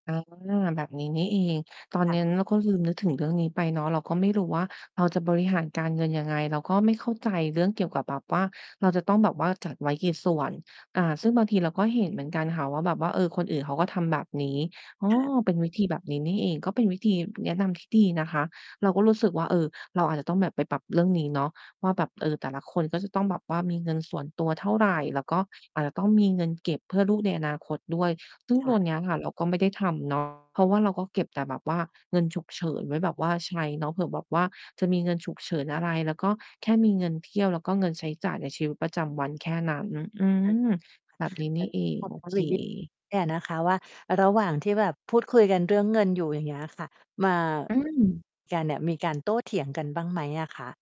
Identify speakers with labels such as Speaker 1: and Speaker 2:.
Speaker 1: อ๋อ แบบนี้นี่เอง ตอน
Speaker 2: ค
Speaker 1: เ
Speaker 2: ่
Speaker 1: น้น
Speaker 2: ะ
Speaker 1: เราก็ลืมนึกถึงเรื่องนี้ไปเนาะ เราก็ไม่รู้ว่าเราจะบริหารการเงิน ยังไง เราก็ไม่เข้าใจเรื่องเกี่ยวกับแบบว่า เราจะต้องแบบว่าจัดไว้กี่ส่วน อา ซึ่งบางทีเราก็เห็นเหมือนกันค่ะว่า แบบว่า เออ คนอื่นเขาก็ทำแบบนี้ อ้อ
Speaker 2: ค่ะ
Speaker 1: เป็นวิธีแบบนี้นี่เอง ก็เป็นวิธีแนะนำ ที่ดีนะคะ เราก็รู้สึกว่า เออ เราอาจจะต้องแบบไปปรับเรื่องนี้เนาะว่า แบบ เออ แต่ละคนก็จะต้องแบบว่า มีเงินส่วนตัวเท่าไร แล้วก็อาจจะต้องมีเงินเก็บเพื่อลูกในอนาคตด้วย ซึ่ง
Speaker 2: ค
Speaker 1: ต
Speaker 2: ่
Speaker 1: ัว
Speaker 2: ะ
Speaker 1: นี้ค่ะ เราก็ไม่ได้ทำ เนาะ เพราะว่าเราก็เก็บแต่แบบว่าเงินฉุกเฉินไว้ แบบว่าใช้เนาะ เผื่อแบบว่าจะมีเงินฉุกเฉินอะไร แล้วก็แค่มีเงินเที่ยว แล้วก็เงินใช้จ่ายในชีวิตประจำวันแค่นั้น อื
Speaker 2: เออ
Speaker 1: ม แบบ
Speaker 2: ค
Speaker 1: น
Speaker 2: ่
Speaker 1: ี
Speaker 2: ะ
Speaker 1: ้
Speaker 2: เ
Speaker 1: น
Speaker 2: อ
Speaker 1: ี
Speaker 2: อ
Speaker 1: ่เอง
Speaker 2: สอ
Speaker 1: โ
Speaker 2: บ
Speaker 1: อ
Speaker 2: ถาม
Speaker 1: เ
Speaker 2: อีกนิด
Speaker 1: ค
Speaker 2: เนี่ย นะคะว่า ระหว่างที่แบบพูดคุยกันเรื่องเงินอยู่ อย่างเงี้ยอะค่ะ มา
Speaker 1: อืม
Speaker 2: กันเนี่ย มีการโต้เถียงกันบ้างไหมอะคะ?